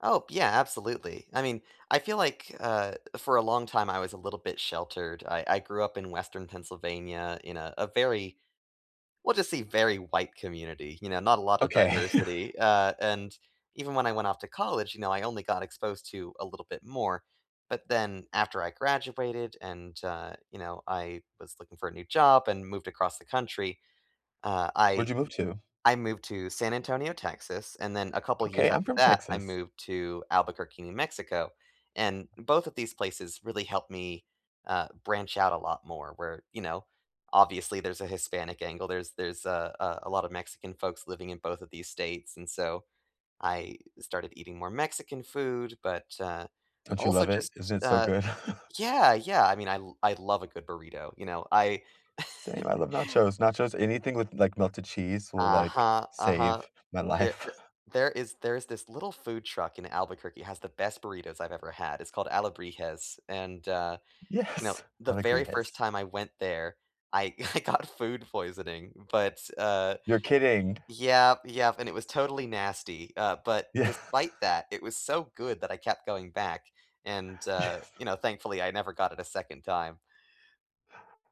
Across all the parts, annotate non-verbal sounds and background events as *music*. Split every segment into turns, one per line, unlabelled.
Oh, yeah, absolutely, I mean, I feel like, uh, for a long time, I was a little bit sheltered. I I grew up in Western Pennsylvania in a a very we'll just say, "Very white community," you know, not a lot of
Okay.
diversity,
*chuckles*
uh, and even when I went off to college, you know, I only got exposed to a little bit more, but then after I graduated, and, uh, you know, I was looking for a new job, and moved across the country, uh,
Where'd
I
you move to?
I moved to San Antonio, Texas, and then a couple years
Okay, I'm
after
from
that, I
Texas.
moved to Albuquerque, New Mexico. And both of these places really helped me, uh, branch out a lot more where, you know, obviously, there's a Hispanic angle, there's there's a a a lot of Mexican folks living in both of these states, and, so, I started eating more Mexican food, but, uh,
Don't you
also
love it?
just,
Isn't it so
uh
good? *chuckles*
Yeah yeah, I mean, I lo I love a good burrito, you know, I
Same, I
*laughs*
love nachos nachos anything with, like, melted cheese will, like,
Uh-huh, uh-huh,
save my
there
life. *chuckles*
there is there's this little food truck in Albuquerque, it has the best burritos I've ever had, it's called Alebrijes, and, uh, you know,
Yes,
the very 1st
Alegrijes.
time I went there, I I got food poisoning, but, uh
You're kidding.
yep yep, and it was totally nasty, uh, but
Yeah.
despite that, it was so good that I kept going back, and, uh,
Yes.
you know, thankfully, never got it a 2nd time.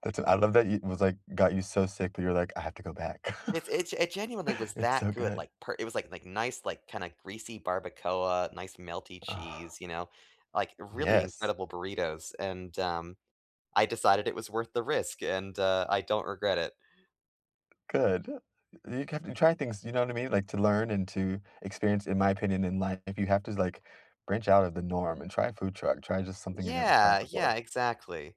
That's uh, I love that y was, like got you so sick but, you're like, "I have to go back.
It it it genuinely
*chuckles*
was
It's
that
so
good,
good."
like, per it was, like like nice, like, kinda greasy barbacoa, nice melty
Oh.
cheese, you know, like, really
Yes.
incredible burritos, and, um, I decided it was worth the risk, and, uh, I don't regret it.
Good, you can you try things, you know what I mean? Like, to learn, and to experience in my opinion in life, if you have to, like, branch out of the norm, and try a food truck, try just something you've never tried
Yeah yeah,
before.
exactly,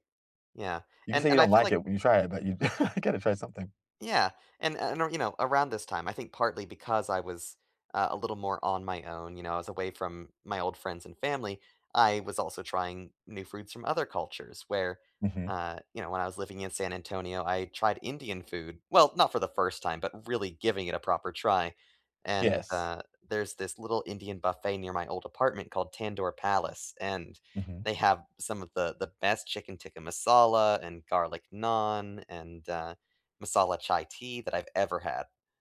yeah,
You can
and
say you
and I
don't
feel
like
like
it, when you try it, but you *chuckles* gotta try something.
Yeah, and and, you know, around this time, I think partly, because I was uh, a little more on my own, you know, I was away from my old friends, and family, I was also trying new foods from other cultures where,
Mhm.
uh, you know, when I was living in San Antonio, tried Indian food, well, not for the 1st time, but really giving it a proper try, and,
Yes.
uh, there's this little Indian buffet near my old apartment called Tandoor Palace, and
Mhm.
they have some of the the best chicken tikka masala and garlic naan, and, uh, masala chai tea that I've ever had.